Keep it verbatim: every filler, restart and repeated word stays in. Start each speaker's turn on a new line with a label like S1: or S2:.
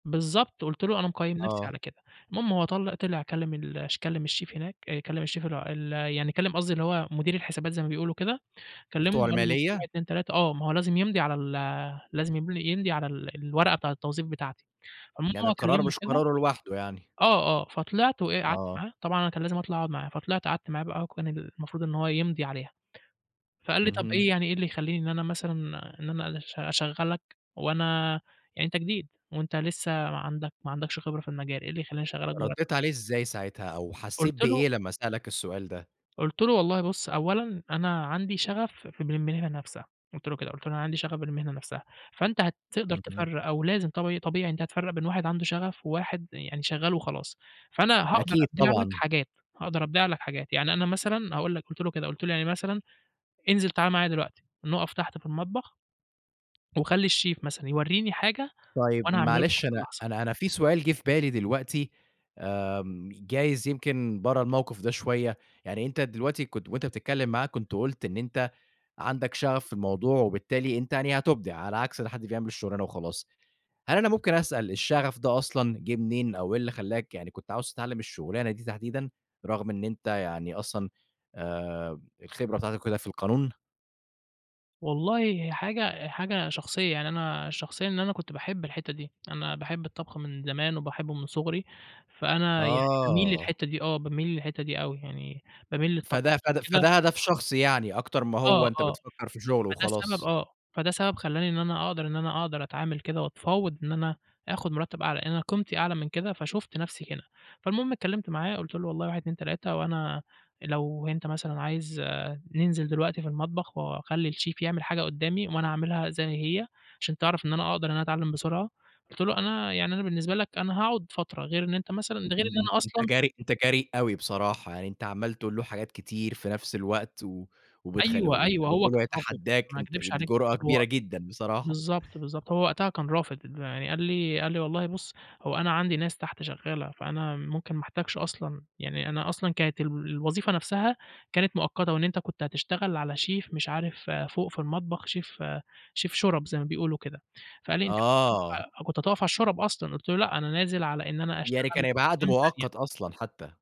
S1: بالضبط. قُلت له أنا مقيِّم نفْسي
S2: آه.
S1: على كده. المهم هو طل طِلع، كلَّم ال كلَّم الشيف هناك، كلَّم الشيف اللي هو ال يعني كلَّم قصدي اللي هو مدير الحسابات زي ما بيقولوا كده، كلَّمه
S2: بتوع
S1: وقال له في
S2: المالية؟
S1: واحد، اتنين، تلاتة. آه، ما هو لازم يمضِي على ال لازم يم يمضِي على ال الورقة بتاعة التوظيف بتاعتي، عمومًا
S2: يعني
S1: هو
S2: القرار
S1: كلَّمه
S2: مش
S1: وكده.
S2: قراره لوحده يعني.
S1: آه آه، فطِلعت وإيه قعدت
S2: آه.
S1: معاه، طبعًا أنا كان لازم أطلَع أقعُد معاه، فطِلعت قعدت معاه بقى، وكان المفروض إن هو يمضِي عليها، فقال لي: "طَب
S2: اهم.
S1: إيه يعني إيه اللي يخلِّيني إن أنا مثلًا إن أنا أشغَّلك وأنا يعني أنتَ جديد، وأنتَ لسه ما عندك ما عندكش خبرة في المجال، إيه اللي يخلِّيني أشغَّلك" [unintelligible]
S2: رديت عليه إزاي ساعتها، أو حسِّيت
S1: قلت له
S2: بإيه لمّا سألَك السؤال ده؟
S1: قُلت له: "والله بُص أولًا أنا عندي شغَف ف بالمهنة نفْسها." قُلت له كده، قُلت له: "أنا عندي شغَف بالمهنة نفْسها"، فأنتَ هتقدَر
S2: اهم.
S1: تفرِّق، أو لازم طب طبيعي أنتَ هتفرِّق بين واحد عنده شغَف وواحد يعني شغَّال وخلاص. فأنا هاقدَر
S2: أكيد،
S1: أبيع لك
S2: طبعًا.
S1: حاجات، هاقدَر أبيع لك حاجات، يعني أنا مثلًا هاقول لك، قُلت له كده، قُلت له يعني مثلًا: "انزِل تعالَ معايا دلوقتي نقِف تحت في المطبخ." وخلِّ الشيف مثلًا يوريني حاجة
S2: طيب
S1: وأنا هاعملها له في
S2: معلش،
S1: نفس
S2: أنا
S1: اللحظة.
S2: أنا أنا في سؤال جِه في بالي دلوقتي، آمم، جايِز يمكن برا الموقِف ده شوية؛ يعني أنتَ دلوقتي كنت وأنتَ بتتكلَّم معاه، كنت قُلت إن أنتَ عندك شغَف في الموضوع وبالتالي أنتَ يعني هتُبدِع على عكس حد بيعمَل الشغلانة وخلاص. هل أنا ممكن أسأل، الشغَف ده أصلًا جِه منين، أو إيه اللي خلَّاك يعني كنت عايِز تتعلَّم الشغلانة دي تحديدًا، رغم إن أنتَ يعني أصلًا آآ، الخبرة بتاعتك وكده في القانون؟
S1: والله هي حاجة حاجة شخصية، يعني أنا شخصيًا إن أنا كنت باحِب الحتّة دي، أنا باحِب الطبخ من زمان وباحِبه من صغري، فأنا يعني بامِيل
S2: آه.
S1: للحتّة دي. آه، بامِيل للحتّة دي أوي يعني، بامِيل للطبخ
S2: فده
S1: عشان
S2: فد
S1: كده
S2: فده هدَف شخصي يعني، أكتَر ما
S1: آه
S2: هو أنتَ
S1: آه،
S2: بتفكِّر في شغل
S1: فده سبب
S2: وخلاص؟
S1: آه، فده سبب خلَّاني إن أنا أقدَر إن أنا أقدَر أتعامَل كده، واتفاوَضت إن أنا آخُد مرتَّب أعلى، لأن أنا قيمتي أعلى من كده، فشُفت نفْسي كده. فالمهم اتكلَّمت معاه، قُلت له: "والله واحد، اتنين، تلاتة. وأنا لو أنتَ مثلًا عايِز ننزِل دلوقتي في المطبخ، وأخلِّي الشيف يعمَل حاجة قُدَّامي، وأنا هاعمِلها زي ما هي، عشان تعرَف إن أنا أقدَر إن أنا أتعلَّم بسرعة." قُلت له: "أنا يعني أنا بالنسبة لك أنا هاقعُد فترة غير إن أنتَ مثلًا ده غير إن
S2: اهم.
S1: أنا
S2: أنتَ
S1: أصلًا
S2: جريء أنتَ جريء أوي بصراحة يعني، أنتَ عمَّال تقول له حاجات كتير في نفس الوقت، و وبتخ
S1: أيوه
S2: وأنتَ
S1: أيوه، هو
S2: بتقول له
S1: كان رافِض،
S2: يتحدَّاك،
S1: ما
S2: أنتَ
S1: أكدِبش
S2: دي
S1: عليك
S2: جرأة
S1: برضو هو
S2: كبيرة جدًا بصراحة.
S1: بالضبط، بالضبط، هو وقتها كان رافِض، يعني قال لي قال لي: "والله بُص هو أنا عندي ناس تحت شغَّالة، فأنا ممكن ما أحتاجش أصلًا." يعني أنا أصلًا كانت ال الوظيفة نفْسها كانت مؤقَّتة، وإن أنتَ كنت هتشتغَل على شيف مش عارف فوق في المطبخ، شيف شيف شُرَب زي ما بيقولوا كده. فقال لي: "أنتَ كنت
S2: آه.
S1: كنت هتقِف على الشُرَب أصلًا." قُلت له: "لأ أنا نازِل على إن أنا أشتغَل
S2: يعني
S1: في
S2: كان هيبقى عقْد
S1: أقسام تانية."
S2: مؤقت أصلًا حتى.